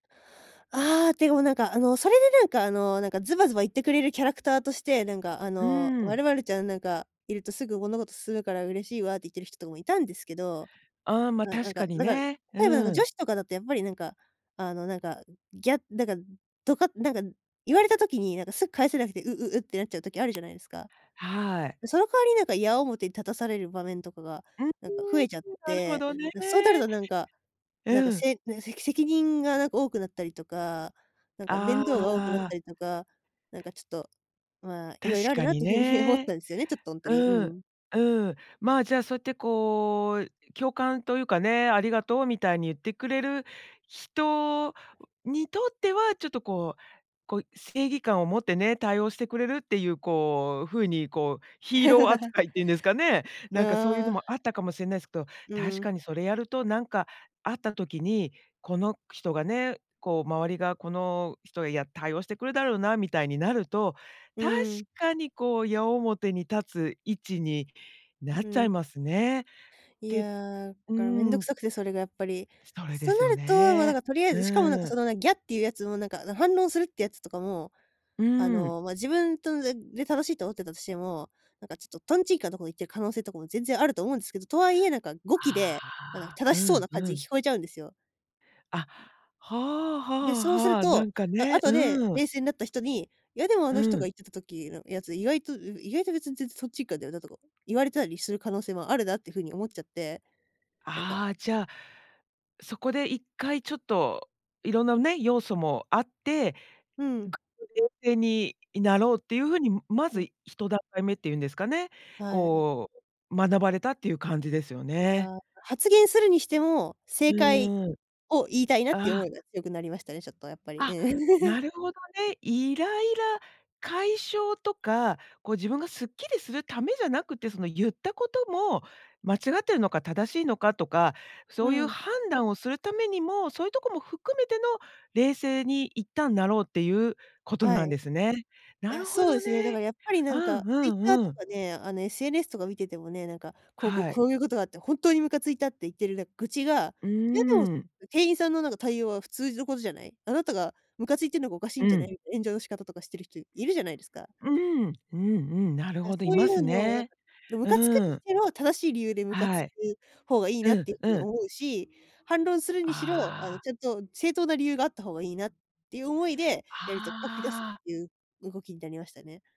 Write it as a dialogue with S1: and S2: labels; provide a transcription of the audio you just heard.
S1: ああ、でも、なんか、あの、それで、なんか、あの、なんか、ズバズバ言ってくれるキャラクターとして、なんか、あ
S2: う
S1: の、
S2: ー
S1: 「ま
S2: ん。
S1: るまるちゃんなんかいると、すぐ物事進むから嬉しいわ」って言ってる人とかもいたんですけど。
S2: ああ、ま、
S1: あ、な
S2: 確
S1: ん
S2: か
S1: か
S2: に
S1: なんか、
S2: ね。う
S1: 例えば、なんか、
S2: ーん。
S1: 女子とかだとやっぱり、なんか、あの、なんか、ギャだからとか、なんか、言われた時に、なんか、すぐ返せなくて、「う、う、う」ってなっちゃう時あるじゃないですか。
S2: はい。
S1: その代わり、なんか、矢面に立たされる場面とかが、
S2: ううーん、
S1: なんか、増えちゃっ
S2: うん、なるほ
S1: て、
S2: どね。
S1: で、そうなると、なんかなんか、
S2: うん。
S1: せなん、せせき責任が、なんか多くなったりとか、なんか面
S2: あ
S1: 倒が多くなっ
S2: あ。
S1: たりとか、なんか、ちょっと、まあ、い
S2: 確
S1: ろいろある
S2: か
S1: なっ
S2: に
S1: ていうふうに思っ
S2: ね。
S1: たんですよね、ちょっと、ほんとに。う
S2: うん。
S1: ん。
S2: うん。ま、じゃあ、そうやって、こう、共感というかね、ありがとうみたいに言ってくれる人にとっては、ちょっと、こうこう、正義感を持ってね、対応してくれるっていう、こう、ふうに、こう、ヒーロー 扱いっていうんですかね。なんか、そういう
S1: あ
S2: の
S1: あ。
S2: もあったかもしれないんすど、
S1: うー
S2: 確
S1: ん。
S2: かにそれやるとなんかあった時に、この人がね、こう、周りがこの人へ、や、対応してくるだろうな、みたいになると
S1: う
S2: 確
S1: ーん。
S2: かに、こう、矢面に立つ位置になっ
S1: う
S2: ちゃい
S1: ん。
S2: ますね。
S1: い
S2: で
S1: や、
S2: うー
S1: から面倒く
S2: ん。
S1: さくて、それがやっぱり。
S2: それで
S1: そう
S2: す
S1: な
S2: よ
S1: ると、もう、なん
S2: ね。
S1: か、とりあえ
S2: う
S1: ず、しかも、なんか、
S2: ー
S1: そ
S2: ん。
S1: の、ギャていうやつも、なんか反論するってやつとかも、
S2: う
S1: あ
S2: ーん。
S1: の、ま、自分とでで正しいと思ってたとしても、なんかちょっとトンチンカンなとこ言ってる可能性とかも全然あると思うんですけど、とは言え、なんか、語気で、なんか、
S2: ああ。
S1: 正
S2: う
S1: しそう
S2: ん、
S1: な感
S2: う
S1: じ
S2: ん。
S1: 聞こえちゃうんですよ。
S2: あ、はあは
S1: で、
S2: あ
S1: そうする
S2: はあ、な
S1: と、
S2: んか
S1: あ
S2: ね、
S1: 後で
S2: うーん。
S1: 冷静になった人に、「いや、でも、あ
S2: う
S1: の人が
S2: ん。
S1: 言ってた時のやつ、意外とい意外と別に全然とんちんかんだよな」とか言われたりする可能性もあるなっていうふうに思っちゃって、なんか
S2: ああ、じゃあ、そこで一回ちょっと、いろんなね、要素もあって、
S1: うん。
S2: 冷静にいなろうっていうふうに、ま
S1: う
S2: ず
S1: ん。
S2: 1段階目って言うんですかね、
S1: はい。
S2: こう、学ばれたっていう感じですよ
S1: い
S2: ね。
S1: や、発言するにしても、正解
S2: うーん。
S1: を言いたいなっ
S2: あ
S1: ていう思
S2: あ。
S1: いが強くなりましたね、ちょっとやっぱり、う
S2: あ、
S1: ん。
S2: な るほどね。イライラ解消とか、こう、自分がすっきりするためじゃなくて、その、ゆったことも、間違ってるのか正しいのかとか、
S1: う
S2: そういう
S1: ん。
S2: 判断をするためにも、そういうとこも含めての、冷静にいったんなろうっていうこと
S1: は
S2: な
S1: い。
S2: んです
S1: い
S2: ね。な
S1: や、
S2: るほ
S1: そうで
S2: ど
S1: すね。だか
S2: ね。
S1: らやっぱり、な
S2: あ、
S1: ん
S2: うん
S1: か、
S2: う
S1: Twitter
S2: んう
S1: と
S2: ん。
S1: かね、あの、SNS とか見ててもね、なんか、「こう、こう、
S2: はい。
S1: こういうことがあってほんとにムカついた」って言ってる、なん、愚痴が、
S2: うー
S1: 「いや、でも
S2: ん。
S1: 店員さんの、なんか、対応は普通のことじゃない、あなたがムカついてるのがおかしい
S2: う
S1: んじゃない」
S2: ん。
S1: って炎上の仕方とかしてる人、いるじゃないですか。
S2: うーん、うんうん、なる
S1: だ、
S2: ほど、
S1: そ
S2: い
S1: うい
S2: ま
S1: う
S2: す
S1: のを、なんか
S2: ね。
S1: の、ム
S2: う
S1: カつくに
S2: ー
S1: し
S2: ん。
S1: ても、正しい理由でムカつ
S2: は
S1: く
S2: い。
S1: 方がいいな
S2: う
S1: っ
S2: ん
S1: ていうふう
S2: う
S1: に
S2: ん。
S1: 思うし、反論するにしろ、あ
S2: あ
S1: の、
S2: あ。
S1: ちょっと正当な理由があった方がいいなっていう思いで、やると書き出すっ
S2: はあ。
S1: ていう動きになりましたね。